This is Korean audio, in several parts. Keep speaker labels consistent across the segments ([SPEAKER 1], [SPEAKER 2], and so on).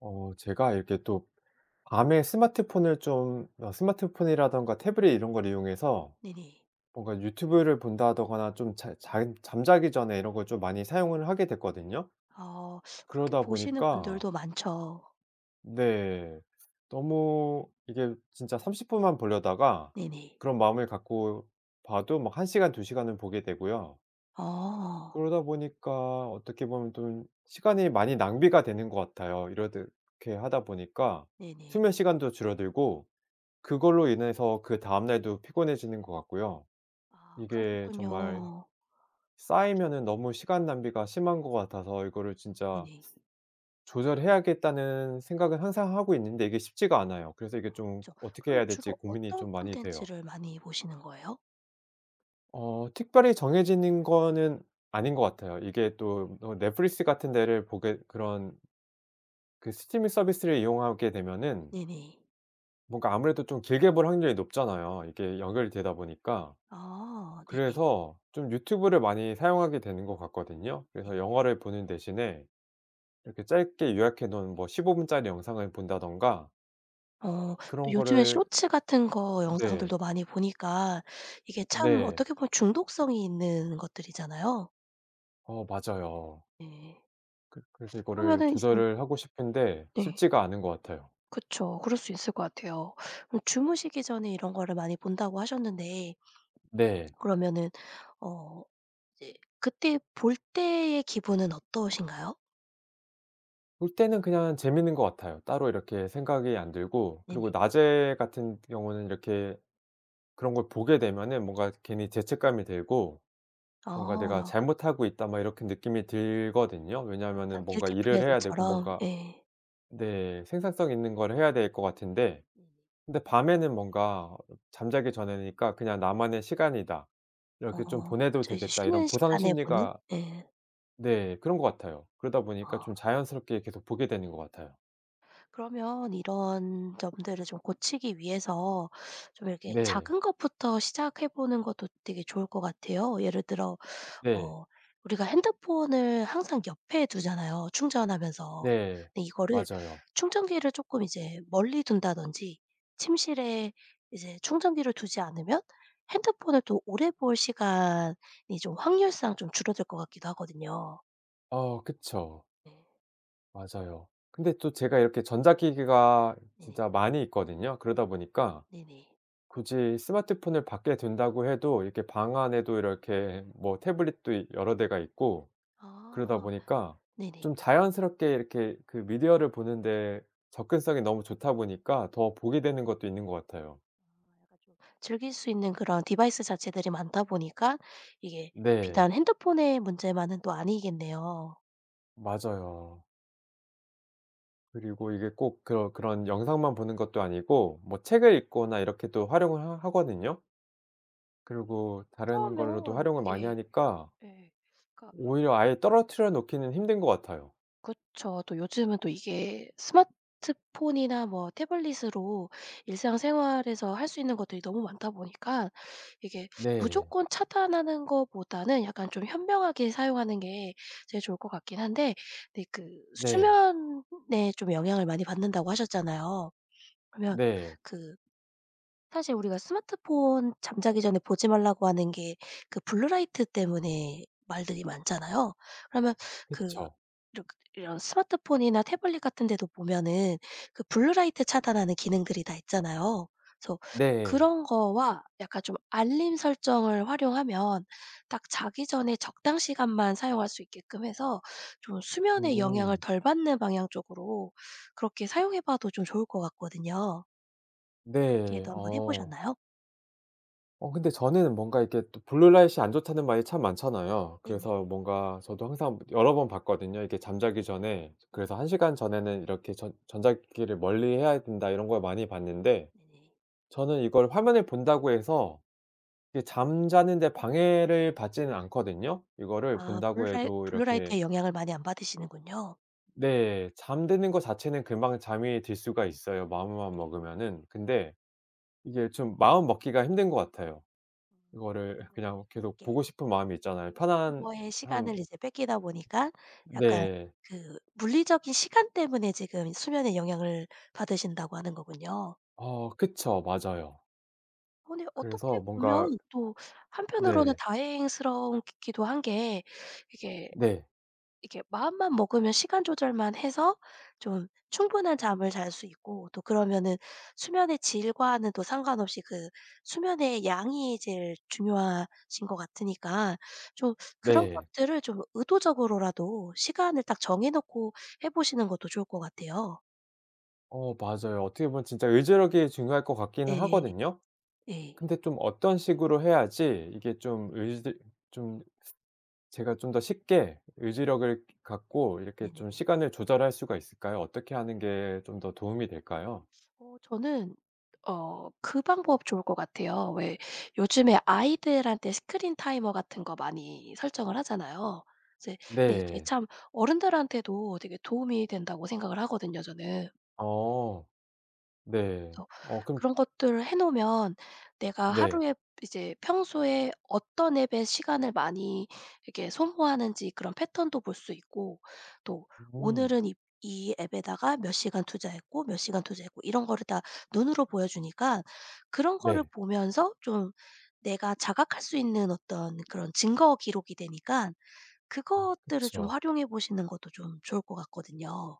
[SPEAKER 1] 어, 제가 이렇게 또 밤에 스마트폰을 좀 어 스마트폰이라든가 태블릿 이런 걸 이용해서
[SPEAKER 2] 네네.
[SPEAKER 1] 뭔가 유튜브를 본다거나 좀 잘 잘 잠자기 전에 이런 걸 좀 많이 사용을 하게 됐거든요.
[SPEAKER 2] 아, 그렇게
[SPEAKER 1] 그러다
[SPEAKER 2] 보시는
[SPEAKER 1] 보니까
[SPEAKER 2] 분들도 많죠.
[SPEAKER 1] 네. 너무 이게 진짜 30 분만 보려다가
[SPEAKER 2] 네네.
[SPEAKER 1] 그런 마음을 갖고 봐도 뭐 1시간, 2시간 을 보게 되고요.
[SPEAKER 2] 아.
[SPEAKER 1] 그러다 보니까 어떻게 보면 좀 시간이 많이 낭비가 되는 것 같아요. 이렇듯 이렇게 하다 보니까
[SPEAKER 2] 네네.
[SPEAKER 1] 수면 시간도 줄어들고 그걸로 인해서 그다음 날도 피곤해지는 것 같고요.
[SPEAKER 2] 아,
[SPEAKER 1] 이게 정말
[SPEAKER 2] 그러셨군요.
[SPEAKER 1] 쌓이면은 너무 시간 낭비가 심한 것 같아서 이거를 진짜
[SPEAKER 2] 네네.
[SPEAKER 1] 조절해야겠다는 생각은 항상 하고 있는데 이게 쉽지가 않아요. 그래서 이게
[SPEAKER 2] 아,
[SPEAKER 1] 좀
[SPEAKER 2] 그쵸.
[SPEAKER 1] 어떻게
[SPEAKER 2] 그러면
[SPEAKER 1] 해야 될지
[SPEAKER 2] 주로
[SPEAKER 1] 고민이
[SPEAKER 2] 어떤
[SPEAKER 1] 좀 많이 돼요.
[SPEAKER 2] 컨텐츠를 많이 보시는 거예요?
[SPEAKER 1] 어, 특별히 정해지는 거는 아닌 것 같아요. 이게 또 어 넷플릭스 같은 데를 보게 그런 ...그 스트리밍 서비스를 이용하게 되면은.
[SPEAKER 2] 네네.
[SPEAKER 1] 뭔가 아무래도 좀 길게 볼 확률이 높잖아요. 이게 연결이 되다 보니까.
[SPEAKER 2] 아, 네네.
[SPEAKER 1] 그래서 좀 유튜브를 많이 사용하게 되는 것 같거든요.
[SPEAKER 2] 네.
[SPEAKER 1] 그래서 영화를 보는 대신에 이렇게 짧게 요약해 놓은 뭐 15분 짜리 영상을 본다든가
[SPEAKER 2] 어,
[SPEAKER 1] 그런
[SPEAKER 2] 요즘에
[SPEAKER 1] 거를
[SPEAKER 2] 쇼츠 같은 거
[SPEAKER 1] 네.
[SPEAKER 2] 영상들도 많이 보니까 이게 참
[SPEAKER 1] 네.
[SPEAKER 2] 어떻게 보면 중독성이 있는 것들이잖아요.
[SPEAKER 1] 어, 맞아요.
[SPEAKER 2] 네.
[SPEAKER 1] 그 그래서 이거를
[SPEAKER 2] 그러면은 이제
[SPEAKER 1] 조절을 하고 싶은데
[SPEAKER 2] 네.
[SPEAKER 1] 쉽지가 않은 것 같아요.
[SPEAKER 2] 그쵸. 그럴 수 있을 것 같아요. 그럼 주무시기 전에 이런 거를 많이 본다고 하셨는데
[SPEAKER 1] 네.
[SPEAKER 2] ...그러면은 어, 이제 그때 볼 때의 기분은 어떠신가요?
[SPEAKER 1] 볼 때는 그냥 재밌는 것 같아요. 따로 이렇게 생각이 안 들고
[SPEAKER 2] 네네.
[SPEAKER 1] 그리고 낮에 같은 경우에는 이렇게 그런 걸 보게 되면은 뭔가 괜히 죄책감이 들고 '뭔가 내가
[SPEAKER 2] 아.
[SPEAKER 1] 잘못하고 있다.' 막 이렇게 느낌이 들거든요.
[SPEAKER 2] 약간
[SPEAKER 1] 왜냐하면은 뭔가
[SPEAKER 2] Guilty
[SPEAKER 1] 일을
[SPEAKER 2] Pleasure
[SPEAKER 1] 해야 되고
[SPEAKER 2] 처럼.
[SPEAKER 1] 뭔가
[SPEAKER 2] 예.
[SPEAKER 1] 네, 생산성 있는 걸 해야 될 것 같은데.
[SPEAKER 2] 네.
[SPEAKER 1] 근데 밤에는 뭔가 잠자기 전이니까 그냥 '나만의 시간이다.
[SPEAKER 2] 어,
[SPEAKER 1] 이렇게 좀 보내도
[SPEAKER 2] 그쵸. 이제
[SPEAKER 1] 되겠다.' 이런
[SPEAKER 2] 쉬는 시간에 보는?
[SPEAKER 1] 보상심리가
[SPEAKER 2] 네.
[SPEAKER 1] 네, 그런 것 같아요. 그러다 보니까 좀
[SPEAKER 2] 아.
[SPEAKER 1] 자연스럽게 계속 보게 되는 것 같아요.
[SPEAKER 2] 그러면 이런 점들을 좀 고치기 위해서 좀 이렇게
[SPEAKER 1] 네.
[SPEAKER 2] 작은 것부터 시작해 보는 것도 되게 좋을 것 같아요. 예를 들어
[SPEAKER 1] 네.
[SPEAKER 2] 어, 우리가 핸드폰을 항상 옆에 두잖아요, 충전하면서.
[SPEAKER 1] 네,
[SPEAKER 2] 근데 이거를
[SPEAKER 1] 맞아요.
[SPEAKER 2] 충전기를 쪼끔 이제 멀리 둔다든지 침실에 이제 충전기를 두지 않으면 핸드폰을 더 오래 볼 시간이 좀 확률상 좀 줄어들 것 같기도 하거든요.
[SPEAKER 1] 어, 그쵸. 맞아요. 근데 또 제가 이렇게 전자기기가
[SPEAKER 2] 네네.
[SPEAKER 1] 진짜 많이 있거든요. 그러다 보니까
[SPEAKER 2] 네네.
[SPEAKER 1] 굳이 스마트폰을 밖에 둔다고 해도 이렇게 방 안에도 이렇게 뭐 태블릿도 이 여러 대가 있고 그러다
[SPEAKER 2] 아,
[SPEAKER 1] 보니까
[SPEAKER 2] 네네.
[SPEAKER 1] 좀 자연스럽게 이렇게 그 미디어를 보는 데 접근성이 너무 좋다 보니까 더 보게 되는 것도 있는 것 같아요.
[SPEAKER 2] [unintelligible] 즐길 수 있는 그런 디바이스 자체들이 많다 보니까 이게
[SPEAKER 1] 네.
[SPEAKER 2] 비단 핸드폰의 문제만은 또 아니겠네요.
[SPEAKER 1] 맞아요. 그리고 이게 꼭 그런, 그런 영상만 보는 것도 아니고 뭐 책을 읽거나 이렇게 또 활용을 하 하거든요. 그리고 다른 걸로도
[SPEAKER 2] 그러면
[SPEAKER 1] 활용을 많이
[SPEAKER 2] 이게
[SPEAKER 1] 하니까
[SPEAKER 2] 예. 그러니까
[SPEAKER 1] 오히려 아예 떨어뜨려 놓기는 힘든 것 같아요.
[SPEAKER 2] 그쵸. 또 요즘은 또 이게 스마트폰이나 뭐 태블릿으로 일상생활에서 할 수 있는 것들이 너무 많다 보니까 이게
[SPEAKER 1] 네.
[SPEAKER 2] 무조건 차단하는 것보다는 약간 좀 현명하게 사용하는 게 제일 좋을 것 같긴 한데 근데 그
[SPEAKER 1] 네.
[SPEAKER 2] 수면에 좀 영향을 많이 받는다고 하셨잖아요. 그러면
[SPEAKER 1] 네.
[SPEAKER 2] 그 사실 우리가 스마트폰 잠자기 전에 보지 말라고 하는 게 그 블루 라이트 때문에 말들이 많잖아요. 그러면 그
[SPEAKER 1] 그쵸.
[SPEAKER 2] 이러 이런 스마트폰이나 태블릿 같은 데도 보면은 그 블루 라이트 차단하는 기능들이 다 있잖아요. 그래서
[SPEAKER 1] 네.
[SPEAKER 2] 그런 거와 약간 좀 알림 설정을 활용하면 딱 자기 전에 적당 시간만 사용할 수 있게끔 해서 좀 수면에 영향을
[SPEAKER 1] 음.
[SPEAKER 2] 덜 받는 방향 쪽으로 그렇게 사용해 봐도 좀 좋을 것 같거든요.
[SPEAKER 1] 네.
[SPEAKER 2] 그렇게도 1 번 해
[SPEAKER 1] 어.
[SPEAKER 2] 보셨나요?
[SPEAKER 1] 어 근데 저는 뭔가 이렇게 또 블루 라이트가 안 좋다는 말이 참 많잖아요.
[SPEAKER 2] 네네.
[SPEAKER 1] 그래서 뭔가 저도 항상 여러 번 봤거든요, 이게 잠자기 전에.
[SPEAKER 2] 네.
[SPEAKER 1] 그래서 1 시간 전에는 이렇게 '전 전자 기기를 멀리해야 된다.' 이런 걸 많이 봤는데
[SPEAKER 2] 네네.
[SPEAKER 1] 저는 이걸 화면을 본다고 해서 이게 잠자는 데 방해를 받지는 않거든요. 이거를
[SPEAKER 2] 아. 블루
[SPEAKER 1] 본다고
[SPEAKER 2] 라이
[SPEAKER 1] 해도
[SPEAKER 2] 블루
[SPEAKER 1] 이렇게
[SPEAKER 2] 라이트의 영향을 많이 안 받으시는군요.
[SPEAKER 1] 네 잠드는 거 자체는 금방 잠이 들 수가 있어요 마음만
[SPEAKER 2] 네.
[SPEAKER 1] 먹으면은. 근데 이게 좀 마음 먹기가 힘든 것 같아요.
[SPEAKER 2] 음.
[SPEAKER 1] 이거를
[SPEAKER 2] 지금
[SPEAKER 1] 그냥 계속
[SPEAKER 2] 이렇게
[SPEAKER 1] 보고 싶은 마음이 있잖아요. 편안함
[SPEAKER 2] [unintelligible] 에 시간을 이제 뺏기다 보니까 약간
[SPEAKER 1] 네.
[SPEAKER 2] 그 물리적인 시간 때문에 지금 수면에 영향을 받으신다고 하는 거군요.
[SPEAKER 1] 어 그쵸. 맞아요.
[SPEAKER 2] 아니 어떻게
[SPEAKER 1] 그래서 뭔가
[SPEAKER 2] 보면 또 한편으로는
[SPEAKER 1] 네.
[SPEAKER 2] 다행스럽기도 한 게 이게
[SPEAKER 1] 네.
[SPEAKER 2] 이렇게 마음만 먹으면 시간 조절만 해서 좀 충분한 잠을 잘 수 있고 또 그러면은 수면의 질과는 또 상관없이 그 수면의 양이 제일 중요하신 것 같으니까 좀 그런
[SPEAKER 1] 네.
[SPEAKER 2] 것들을 좀 의도적으로라도 시간을 딱 정해 놓고 해 보시는 것도 좋을 것 같아요.
[SPEAKER 1] 어 맞아요. 어떻게 보면 진짜 의지력이 중요할 것 같기는
[SPEAKER 2] 예예.
[SPEAKER 1] 하거든요.
[SPEAKER 2] 예.
[SPEAKER 1] 근데 좀 어떤 식으로 해야지 이게 좀 의지 좀 제가 좀 더 쉽게 의지력을 갖고 이렇게 좀
[SPEAKER 2] 네네네.
[SPEAKER 1] 시간을 조절할 수가 있을까요? 어떻게 하는 게 좀 더 도움이 될까요?
[SPEAKER 2] 어 저는 어 그 방법 좋을 것 같아요. 왜 요즘에 아이들한테 스크린 타이머 같은 거 많이 설정을 하잖아요. 이제 근데 이게
[SPEAKER 1] 네.
[SPEAKER 2] 참 어른들한테도 되게 도움이 된다고 생각을 하거든요 저는.
[SPEAKER 1] 어. 네.
[SPEAKER 2] 어. 그래서
[SPEAKER 1] 어 그럼
[SPEAKER 2] 그런 것들을 해 놓으면 내가
[SPEAKER 1] 네.
[SPEAKER 2] 하루에 이제 평소에 어떤 앱에 시간을 많이 이렇게 소모하는지 그런 패턴도 볼 수 있고 또
[SPEAKER 1] 음.
[SPEAKER 2] 오늘은 이 이 앱에다가 몇 시간 투자했고 몇 시간 투자했고 이런 거를 다 눈으로 보여 주니까 그런 거를
[SPEAKER 1] 네.
[SPEAKER 2] 보면서 좀 내가 자각할 수 있는 어떤 그런 증거 기록이 되니까
[SPEAKER 1] 아
[SPEAKER 2] 그것들을 좀
[SPEAKER 1] 그쵸.
[SPEAKER 2] 활용해 보시는 것도 좀 좋을 것 같거든요.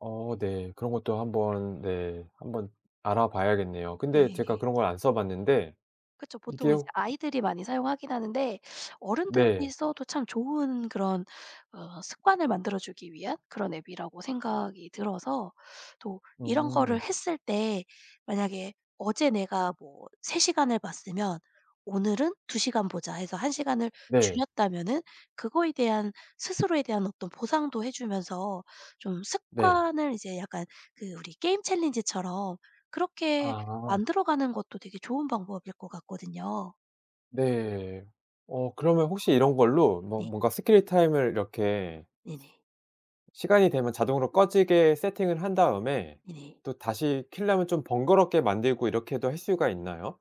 [SPEAKER 1] 어 네. 그런 것도 한번 네 한번 알아봐야겠네요. 근데 제가
[SPEAKER 2] 네.
[SPEAKER 1] 그런 걸 안 써봤는데
[SPEAKER 2] 그쵸. 보통
[SPEAKER 1] 이게
[SPEAKER 2] 이제
[SPEAKER 1] 오
[SPEAKER 2] 아이들이 많이 사용하긴 하는데 어른들이
[SPEAKER 1] 네.
[SPEAKER 2] 써도 참 좋은 그런 어 습관을 만들어주기 위한 그런 앱이라고 생각이 들어서 또 이런 거를
[SPEAKER 1] 음.
[SPEAKER 2] 했을 때 만약에 '어제 내가 뭐 3 시간을 봤으면 오늘은 2 시간 보자.' 해서 1 시간을
[SPEAKER 1] 네.
[SPEAKER 2] 줄였다면은 그거에 대한 스스로에 대한 어떤 보상도 해주면서 좀
[SPEAKER 1] 네.
[SPEAKER 2] 습관을 이제 약간 그 우리 게임 챌린지처럼 그렇게
[SPEAKER 1] 아.
[SPEAKER 2] 만들어가는 것도 되게 좋은 방법일 것 같거든요.
[SPEAKER 1] 네. 어 그러면 혹시 이런 걸로 뭔
[SPEAKER 2] 네.
[SPEAKER 1] 뭔가 스케일 타임을 이렇게
[SPEAKER 2] 네네.
[SPEAKER 1] ...시간이 되면 자동으로 꺼지게 세팅을 한 다음에
[SPEAKER 2] 네네.
[SPEAKER 1] 또 다시 키려면 좀 번거롭게 만들고 이렇게도 할 수가 있나요?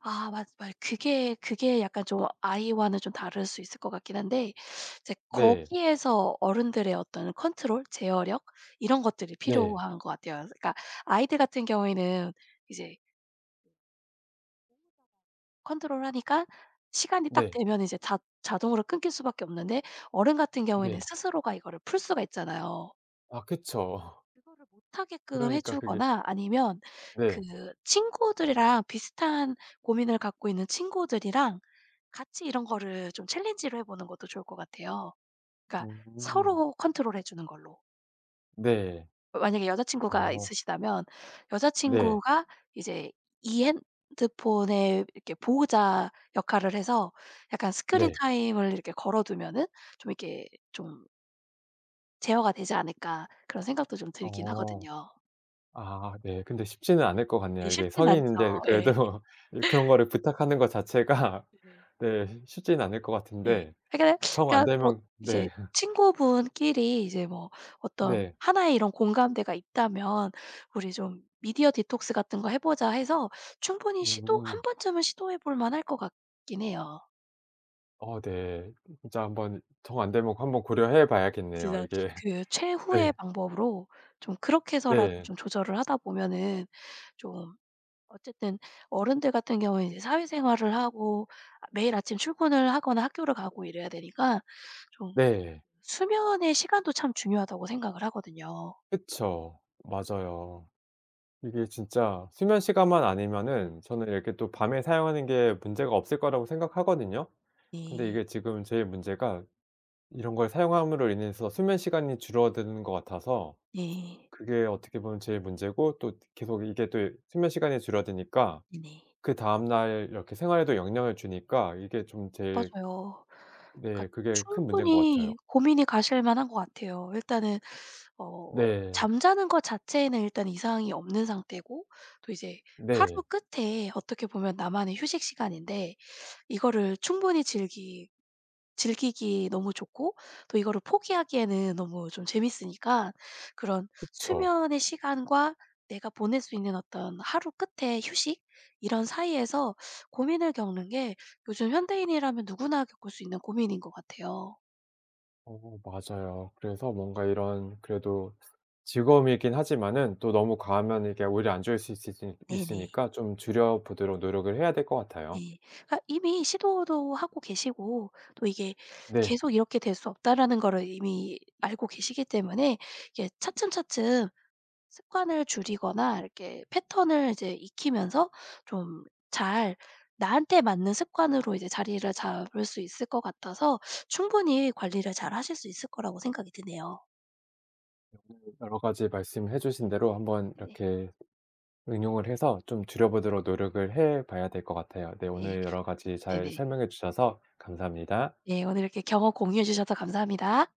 [SPEAKER 2] 아 맞 말 그게 그게 약간 좀 아이와는 좀 다를 수 있을 것 같긴 한데. 이제
[SPEAKER 1] 네.
[SPEAKER 2] 거기에서 어른들의 어떤 컨트롤, 제어력 이런 것들이
[SPEAKER 1] 네.
[SPEAKER 2] 필요한 것 같아요. 그니까 아이들 같은 경우에는 이제 보호자가 ...컨트롤하니까 시간이 딱
[SPEAKER 1] 네.
[SPEAKER 2] 되면 이제 자 자동으로 끊길 수밖에 없는데 어른 같은 경우에는
[SPEAKER 1] 네.
[SPEAKER 2] 스스로가 이거를 풀 수가 있잖아요.
[SPEAKER 1] 아, 그쵸.
[SPEAKER 2] 그거를 못 하게끔 해
[SPEAKER 1] 그러니까 그게
[SPEAKER 2] 주거나 아니면 그
[SPEAKER 1] 네.
[SPEAKER 2] 친구들이랑 비슷한 고민을 갖고 있는 친구들이랑 같이 이런 거를 좀 챌린지를 해 보는 것도 좋을 것 같아요. 그러니까
[SPEAKER 1] 음.
[SPEAKER 2] 서로 컨트롤해 주는 걸로.
[SPEAKER 1] 네.
[SPEAKER 2] 만약에 여자친구가
[SPEAKER 1] 어.
[SPEAKER 2] 있으시다면
[SPEAKER 1] 네.
[SPEAKER 2] 여자친구가 이제 이 핸드폰의 이렇게 보호자 역할을 해서 약간 스크린
[SPEAKER 1] 네.
[SPEAKER 2] 타임을 이렇게 걸어두면 좀 이렇게 좀 '제어가 되지 않을까.' 그런 생각도 좀 들긴
[SPEAKER 1] 어.
[SPEAKER 2] 하거든요.
[SPEAKER 1] 아 네. 근데 쉽지는 않을 것
[SPEAKER 2] 예,
[SPEAKER 1] 같네요. 이게
[SPEAKER 2] 쉽진 않죠.
[SPEAKER 1] 성인인데
[SPEAKER 2] 예.
[SPEAKER 1] 그래도 그런 거를 부탁하는 것 자체가
[SPEAKER 2] 네네.
[SPEAKER 1] 네 쉽지는 않을 것
[SPEAKER 2] 네.
[SPEAKER 1] 같은데.
[SPEAKER 2] [unintelligible]
[SPEAKER 1] 정 안
[SPEAKER 2] 그니까 뭐
[SPEAKER 1] 되면
[SPEAKER 2] 이제
[SPEAKER 1] 네.
[SPEAKER 2] 친구분끼리 이제 뭐 어떤
[SPEAKER 1] 네.
[SPEAKER 2] 하나의 이런 공감대가 있다면, "우리 좀 미디어 디톡스 같은 거 해 보자." 해서 충분히 시도 한
[SPEAKER 1] 음.
[SPEAKER 2] 번쯤은 시도해 볼 만할 것 같긴 해요.
[SPEAKER 1] 어, 네. 진짜 한 번 정 안 되면 한 번 고려해 봐야겠네요.
[SPEAKER 2] [unintelligible]
[SPEAKER 1] 이게
[SPEAKER 2] 그 최후의
[SPEAKER 1] 네.
[SPEAKER 2] 방법으로 좀 그렇게 해서라도
[SPEAKER 1] 네.
[SPEAKER 2] 좀 조절을 하다 보면은 좀 어쨌든 어른들 같은 경우에는 이제 사회생활을 하고 매일 아침 출근을 하거나 학교를 가고 이래야 되니까 좀
[SPEAKER 1] 네.
[SPEAKER 2] 수면의 시간도 참 중요하다고 생각을 하거든요.
[SPEAKER 1] 그쵸. 맞아요. 이게 진짜 수면시간만 아니면은 저는 이렇게 또 밤에 사용하는 게 문제가 없을 거라고 생각하거든요. 근데
[SPEAKER 2] 네.
[SPEAKER 1] 이게 지금 제일 문제가 이런 걸 사용함으로 인해서 수면 시간이 줄어드는 것 같아서
[SPEAKER 2] 네.
[SPEAKER 1] 그게 어떻게 보면 제일 문제고 또 계속 이게 또 수면 시간이 줄어드니까
[SPEAKER 2] 네.
[SPEAKER 1] 그다음 날 이렇게 생활에도 영향을 주니까 이게 좀 제일
[SPEAKER 2] 맞아요. 그러니까
[SPEAKER 1] 네 그게 큰 문제인 것 같아요.
[SPEAKER 2] 충분히 고민이 가실만한 것 같아요. 일단은 어
[SPEAKER 1] 네.
[SPEAKER 2] 잠자는 것 자체는 일단 이상이 없는 상태고 또 이제 하루
[SPEAKER 1] 네.
[SPEAKER 2] 끝에 어떻게 보면 나만의 휴식 시간인데 이거를 충분히 즐기 즐기기 너무 좋고 또 이거를 포기하기에는 너무 좀 재밌으니까 그런
[SPEAKER 1] 그쵸.
[SPEAKER 2] 수면의 시간과 내가 보낼 수 있는 어떤 하루 끝에 휴식 이런 사이에서 고민을 겪는 게 요즘 현대인이라면 누구나 겪을 수 있는 고민인 것 같아요.
[SPEAKER 1] 어, 맞아요. 그래서 뭔가 이런 그래도 즐거움이 있긴 하지만 또 너무 과하면 이게 오히려 안 좋을 수 있수있
[SPEAKER 2] 네네.
[SPEAKER 1] 있으니까 좀 줄여 보도록 노력을 해야 될 것 같아요.
[SPEAKER 2] 네. 그러니까 이미 시도도 하고 계시고 또 이게
[SPEAKER 1] 네.
[SPEAKER 2] 계속 이렇게 될 수 없다라는 거를 이미 알고 계시기 때문에 이게 차츰차츰 습관을 줄이거나 이렇게 패턴을 이제 익히면서 좀 잘 나한테 맞는 습관으로 이제 자리를 잡을 수 있을 것 같아서 충분히 관리를 잘 하실 수 있을 거라고 생각이 드네요.
[SPEAKER 1] [unintelligible] 여러 가지 말씀해 주신 대로 한번
[SPEAKER 2] 네.
[SPEAKER 1] 이렇게 응용을 해서 좀 줄여 보도록 노력을 해 봐야 될 것 같아요. 네,
[SPEAKER 2] 네.
[SPEAKER 1] 오늘 여러 가지 잘
[SPEAKER 2] 네네.
[SPEAKER 1] 설명해 주셔서 감사합니다.
[SPEAKER 2] 네, 오늘 이렇게 경험 공유해 주셔서 감사합니다.